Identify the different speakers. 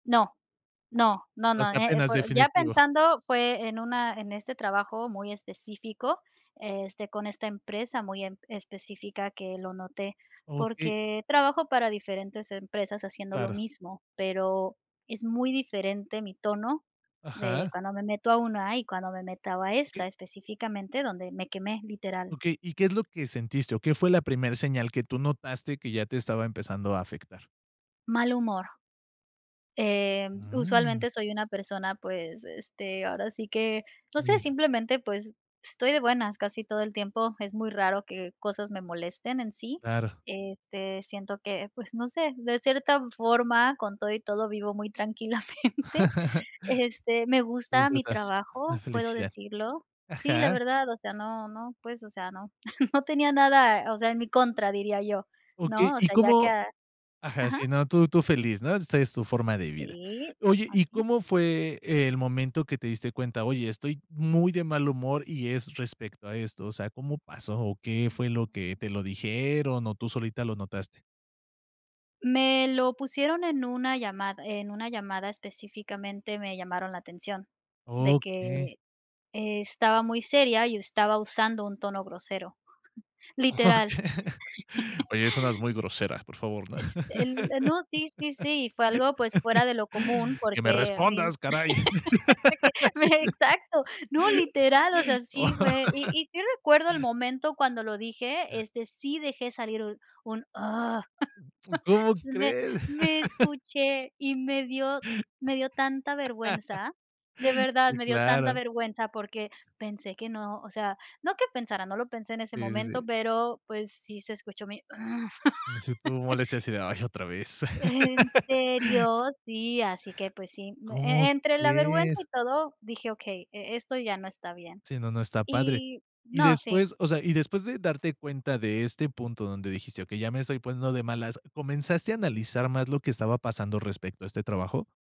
Speaker 1: No, no, no no,
Speaker 2: Hasta
Speaker 1: eh,
Speaker 2: apenas,
Speaker 1: por ya
Speaker 2: definitivo.
Speaker 1: pensando, fue en una en este trabajo, muy específico, este, con esta empresa, muy em, específica que lo noté,
Speaker 2: Okey.
Speaker 1: porque, trabajo para diferentes empresas, haciendo lo
Speaker 2: Claro.
Speaker 1: mismo, pero, es muy diferente mi tono. De
Speaker 2: Ajá.
Speaker 1: cuando me meto a una, y cuando me meta a
Speaker 2: Okey.
Speaker 1: esta, específicamente donde me quemé, literal.
Speaker 2: Okey, ¿y qué es lo que sentiste, o qué fue la primer señal, que tú notaste, que ya te estaba empezando a afectar?
Speaker 1: Mal humor. Em,
Speaker 2: ¡Mm!
Speaker 1: usualmente, soy una persona, pues, este, ahora sí que, no sé,
Speaker 2: Mira.
Speaker 1: simplemente, pues, estoy de buenas casi todo el tiempo, es muy raro, que cosas me molesten en sí,
Speaker 2: Claro.
Speaker 1: este, siento que, pues, no sé, de cierta forma con todo y todo, vivo muy tranquilamente. Este, me
Speaker 2: Es
Speaker 1: gusta mi
Speaker 2: unas la
Speaker 1: trabajo, puedo
Speaker 2: felicidad.
Speaker 1: decirlo. Sí, la
Speaker 2: Ajá.
Speaker 1: verdad, o sea, no no, pues, o sea, no no tenía nada, o sea, en mi contra diría yo,
Speaker 2: Okey,
Speaker 1: ¿no? O
Speaker 2: ¿y
Speaker 1: sea, ya que
Speaker 2: cómo?
Speaker 1: a
Speaker 2: Ajá,
Speaker 1: ajá.
Speaker 2: sí, no, tú tú feliz, ¿no?, esa es, tu forma de vida.
Speaker 1: Sí,
Speaker 2: Oye, ¿y
Speaker 1: así.
Speaker 2: cómo fue el momento, que te diste cuenta? Oye, estoy muy de mal humor, y es respecto a esto. O sea, ¿cómo pasó, o qué fue lo que te lo dijeron, o tú solita lo notaste?
Speaker 1: Me lo pusieron, en una llamada en una llamada específicamente, me llamaron la atención, de
Speaker 2: Okey.
Speaker 1: que estaba muy seria, y estaba usando un tono grosero,
Speaker 2: Oh
Speaker 1: literal.
Speaker 2: Oye, suenas muy grosera, por favor.
Speaker 1: El eh, no, sí, sí. Sí, fue algo, pues, fuera de lo común
Speaker 2: ¡Que me
Speaker 1: porque mi
Speaker 2: respondas, caray! Sí.
Speaker 1: que, exacto, no, literal, o sea,
Speaker 2: Oh.
Speaker 1: sí fue y y sí, recuerdo el momento cuando lo dije, este, sí dejé salir un un
Speaker 2: Uy, ¿cómo
Speaker 1: me
Speaker 2: crees?
Speaker 1: me escuché, y me dio me dio tanta vergüenza, de verdad,
Speaker 2: Sí,
Speaker 1: me dio tanta
Speaker 2: claro.
Speaker 1: vergüenza, porque, pensé que no, o sea, no que pensara no lo pensé en ese
Speaker 2: Sí, sí,
Speaker 1: momento,
Speaker 2: sí.
Speaker 1: pero pues, sí se escuchó mi.
Speaker 2: No sé, tú molesta, y, así de, ay, otra vez.
Speaker 1: ¿En serio? Sí, así que, pues sí.
Speaker 2: ¿Cómo
Speaker 1: E entre la vergüenza,
Speaker 2: crees?
Speaker 1: y todo dije: "Okey, e esto ya no está bien".
Speaker 2: Sí, no, no está padre.
Speaker 1: Y
Speaker 2: Y
Speaker 1: no, sí.
Speaker 2: después, o sea, y después, de darte cuenta de este punto, donde dijiste: "Okey, ya me estoy poniendo de malas", ¿comenzaste a analizar más lo que estaba pasando, respecto a este trabajo?